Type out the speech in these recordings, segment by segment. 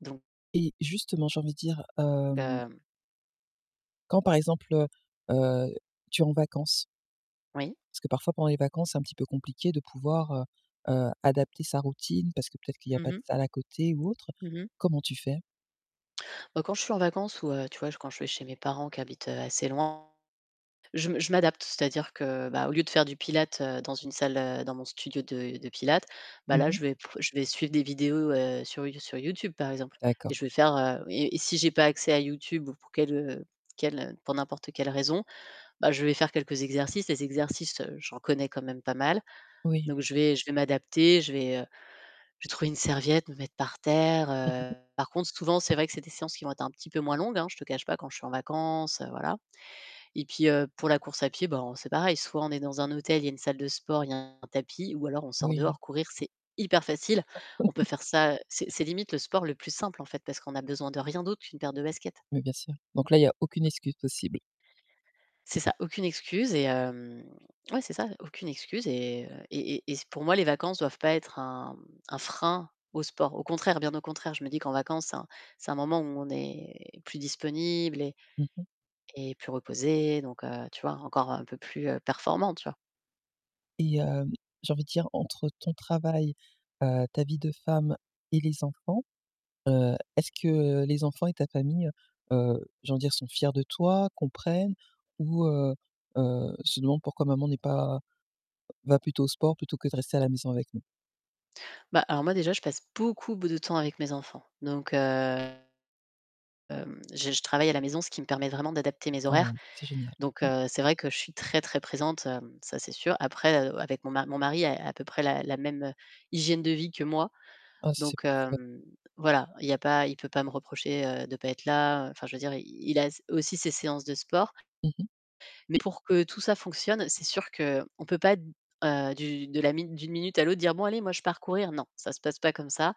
Donc Et justement j'ai envie de dire, hem hem quand par exemple, heu, heu, tu es en vacances Oui. parce que parfois pendant les vacances, c'est un petit peu compliqué de pouvoir, heu, heu, adapter sa routine parce que peut-être qu'il y a Mmh pas de mh. salle à côté ou autre. Mmh mh. Comment tu fais? Bah, quand je suis en vacances ou, heu, tu vois, j quand je vais chez mes parents qui habitent, heu, assez loin, je me je m'adapte, c'est-à-dire que, bah, au lieu de faire du pilates, heu, dans une salle, heu, dans mon studio de de pilates, bah Mmh là, mh. je vais p je vais suivre des vidéos, heu, sur You sur YouTube, par exemple, et D'accord. je vais faire, heu et et si j'ai pas accès à YouTube ou pour quelle heu quelle heu pour n'importe quelle raison, bah, je vais faire quelques exercices. Les exercices, heu, j'en connais quand même pas mal. Oui. Donc je vais je vais m'adapter, je vais, heu, je vais trouver une serviette, me mettre par terre, heu. Par contre, souvent c'est vrai que c'est des séances qui vont être un petit peu moins longues, hein, je te cache pas, quand je suis en vacances, heu, voilà. Et puis, heu, pour la course à pied, ben, c'est pareil, soit on est dans un hôtel, il y a une salle de sport, il y a un tapis, ou alors on sort Oui. dehors, courir, c'est hyper facile. On peut faire ça, heu, c'est c'est limite le sport le plus simple, en fait, parce qu'on a besoin de rien d'autre qu'une paire de baskets. Mais bien sûr. Donc là, il y a aucune excuse possible. C'est ça, aucune excuse et hem, ouais c'est ça, aucune excuse et heu, et et et c pour moi les vacances doivent pas être un un frein au sport. Au contraire, bien au contraire, je me dis qu'en vacances, c'est un c'est un moment où on est plus disponible et Mmh mh. et plus reposé, donc heu, tu vois, encore un peu plus, heu, performant, tu vois? Et heu, j'ai envie de dire, entre ton travail, heu, ta vie de femme et les enfants, heu, est-ce que, heu, les enfants et ta famille, heu, heu, j'ai envie de dire, sont fiers de toi, comprennent ou, heu, heu, se demandent pourquoi maman n'est pas va plutôt au sport plutôt que de rester à la maison avec nous? Bah, alors moi déjà, je passe beaucoup b de temps avec mes enfants. Donc, heu, hem, je je travaille à la maison, ce qui me permet vraiment d'adapter mes Ah horaires, c'est génial. donc Mmh. heu, c'est vrai que je suis très très présente, hem, ça c'est sûr. Après, heu, avec mon ma mon mari a à peu près la la même, heu, hygiène de vie que moi, Ah ça c'est donc parfait. hem, voilà, il y a pas il peut pas me reprocher, heu, de pas être là, enfin je veux dire i il a s aussi ses séances de sport Mmh mh. mais pour que tout ça fonctionne, c'est sûr qu'on peut pas d heu, du de la mi d'une minute à l'autre dire: «Bon allez, moi je pars courir», non, ça se passe pas comme ça.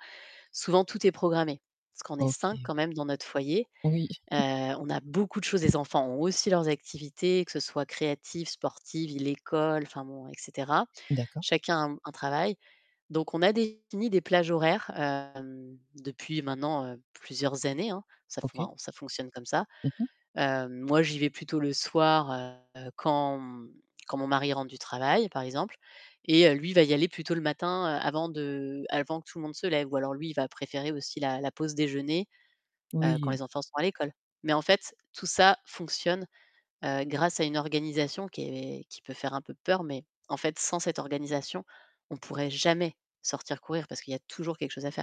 Souvent tout est programmé parce qu'on est 5 OK. quand même dans notre foyer. Oui. Heu, on a beaucoup de choses, les enfants ont aussi leurs activités, que ce soit créatives, sportives, l'école, enfin bon, et cetera. D'accord. Chacun a un travail. Donc on a défini des plages horaires, hem, depuis maintenant, heu, plusieurs années, hein. Ça f OK. enfin, ça fonctionne comme ça. Mmh mh. Heu, moi j'y vais plutôt le soir, heu, quand, mmh, quand mon mari rentre du travail, par exemple, et lui il va y aller plutôt le matin avant de avant que tout le monde se lève ou alors, lui, il va préférer aussi la la pause déjeuner, heu, quand Oui. les enfants sont à l'école. Mais en fait, tout ça fonctionne, heu, grâce à une organisation qui est qui peut faire un peu peur mais en fait, sans cette organisation, on pourrait jamais sortir courir parce qu'il y a toujours quelque chose à faire.